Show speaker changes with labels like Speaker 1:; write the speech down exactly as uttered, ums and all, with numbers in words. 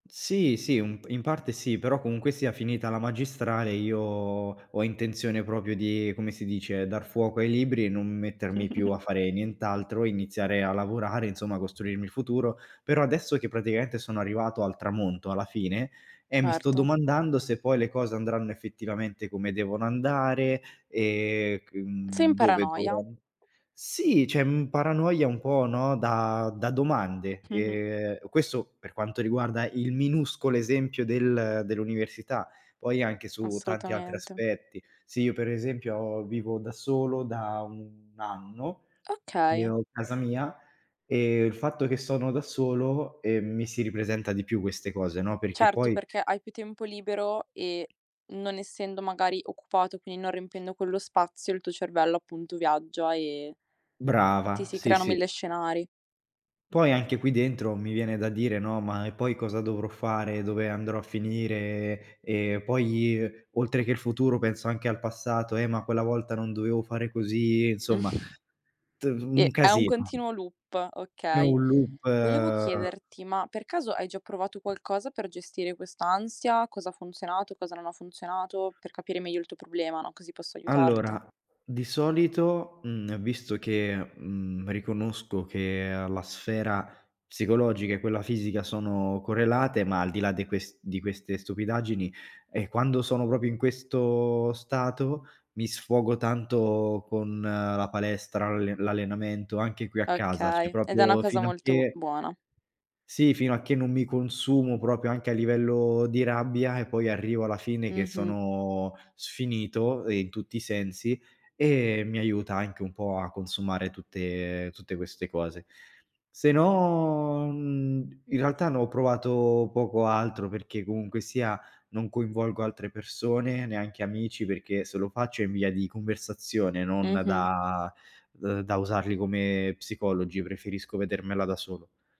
Speaker 1: Sì, sì, u in parte sì, però comunque sia finita la magistrale, io ho intenzione propio di, come si dice, dar fuoco ai libri e non mettermi più a fare nient'altro, iniziare a lavorare, insomma, costruirmi il futuro. Però adesso che praticamente sono arrivato al tramonto, alla fine, eh mi sto
Speaker 2: Erto.
Speaker 1: domandando se poi le cose andranno effettivamente come devono andare, ehm c
Speaker 2: Sei in
Speaker 1: mhmm, dove
Speaker 2: paranoia.
Speaker 1: dovrò an sì, c'è un paranoia un po', no, da da domande. Ehm, questo, per quanto riguarda il minuscolo esempio del dell'università, poi anche su tanti altri
Speaker 2: Assolutamente.
Speaker 1: aspetti. Se io per esempio vivo da solo da un anno, che
Speaker 2: Okay.
Speaker 1: ho casa mia, e il fatto che sono da solo, ehm, mi si ripresenta di più queste cose, no, perché
Speaker 2: Certo,
Speaker 1: poi
Speaker 2: perché hai più tempo libero e, non essendo magari occupato, quin non riempiendo quello spazio, il tuo cervello appunto viaggia e ti
Speaker 1: Brava,
Speaker 2: si
Speaker 1: sì,
Speaker 2: creano
Speaker 1: sì.
Speaker 2: mille scenari.
Speaker 1: Poi anche qui dentro mi viene da dire, no, "ma e poi cosa dovrò fare, dove andrò a finire." E poi, ehm, oltre che il futuro penso anche al passato: "Eh, ma quella volta non dovevo fare così"; insomma
Speaker 2: Mh.
Speaker 1: t un
Speaker 2: E è un
Speaker 1: casino.
Speaker 2: continuo loop,
Speaker 1: È
Speaker 2: okay.
Speaker 1: un loop.
Speaker 2: Volevo chiederti, ma per caso hai già provato qualcosa per gestire quest'ansia? Cosa ha funzionato, cosa non ha funzionato. Per capire meglio il tuo problema, no. Così posso aiutarti.
Speaker 1: Allora, di solito, mhmm, visto che, mhmm, riconosco che, uhm, la sfera psicologica e quella fisica sono correlate, ma al di là de ques di queste stupidaggini, eh quando sono propio in questo stato mi sfogo tanto con la palestra, l'alle l'allenamento, anche qui a casa; ceh
Speaker 2: Okay, ed è una
Speaker 1: propio
Speaker 2: cosa
Speaker 1: fino a
Speaker 2: molto
Speaker 1: che
Speaker 2: buona.
Speaker 1: sì, fino a che non mi consumo propio, anche a livello di rabbia, e poi arrivo alla fine che
Speaker 2: Mh-mh.
Speaker 1: sono sfinito, ehm, in tutti i sensi e mi aiuta anche un po' a consumare tutte tutte queste cose. Se no, mhmm, in realtà ne ho provato poco altro, perché comunque sia non coinvolgo altre persone, neanche amici, perché se lo faccio è in via di conversazione non
Speaker 2: Mh-mh.
Speaker 1: da d da usarli come psicologi, preferisco vedermela da solo.